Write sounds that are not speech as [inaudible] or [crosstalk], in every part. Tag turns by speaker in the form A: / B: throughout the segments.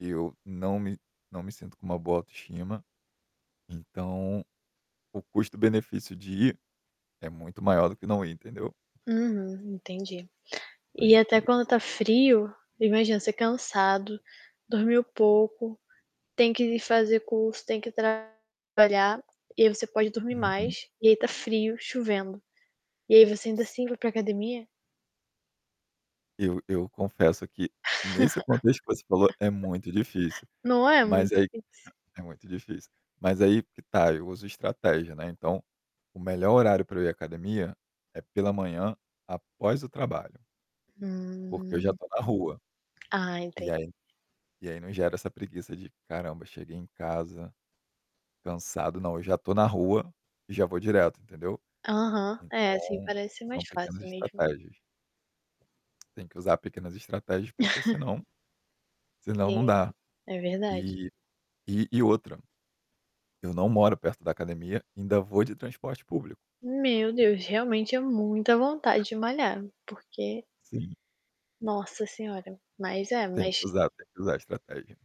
A: Eu não me não me sinto com uma boa autoestima. Então, o custo-benefício de ir é muito maior do que não ir, entendeu?
B: Uhum, entendi.
A: Aí,
B: E
A: é,
B: até
A: por isso.
B: quando tá frio imagina você cansado, dormiu pouco, tem que fazer curso, tem que trabalhar, e aí você pode dormir
A: Uhum.
B: mais, e aí tá frio, chovendo. E aí você ainda
A: Si
B: assim vai para a academia?
A: Eu eu confesso que, nesse contexto que você falou, é muito
B: [laughs]
A: difícil.
B: Não é
A: Mas
B: muito
A: aí
B: difícil?
A: é muito difícil. Mas aí que tá, eu uso estratégia, né, então, o melhor horário para eu ir à academia é pela manhã, após o trabalho. Porque eu já
B: Hum.
A: tô na rua.
B: Ah,
A: E
B: entendi.
A: aí e aí não gera essa preguiça de: "Caramba, cheguei em casa, cansado". Não, já estou na rua e já vou direto, entendeu.
B: Aham. É, assim
A: Então,
B: parece
A: sa
B: mais
A: são pequenas
B: fácil mesmo.
A: estratégias. Tem que usar pequenas estratégias porque
B: [chuckles]
A: senão senão não
B: Sim.
A: dá.
B: É verdade.
A: Eh, e e outra, eu não moro perto da academia. Ainda vou de transporte público.
B: Meu Deus! Realmente é muita vontade de malhar, porque
A: Sim.
B: Nossa senhora. Mas é,
A: Tem
B: mas
A: que usar, tem que usar a estratégia.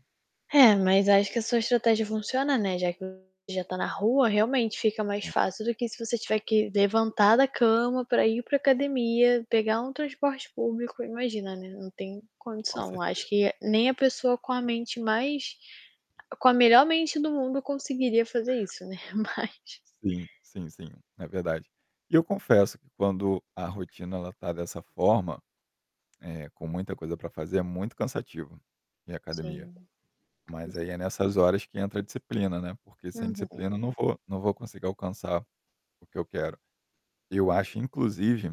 B: É, mas acho que a sua estratégia funciona, né, já que o já tá na rua, realmente, fica mais
A: Sim.
B: fácil do que se você tiver que levantar da cama para ir para
A: Uhum.
B: academia, pegar um transporte público, imagina, né, não tem
A: Com
B: condição. Eu acho
A: certeza.
B: que nem a pessoa com a mente mais com a melhor mente do mundo conseguiria fazer
A: [chuckles]
B: isso, né, mas
A: Sim, sim, sim, é verdade. E eu confesso que quando a rotina ela tá dessa forma, eh, com muita coisa para fazer, é muito cansativo ir à academia.
B: Sim, com
A: Mas aí é
B: certeza.
A: nessas horas que entra a disciplina, né, porque sem
B: Uhum.
A: disciplina eu não vou não vou conseguir alcançar o que eu quero. Eu acho inclusive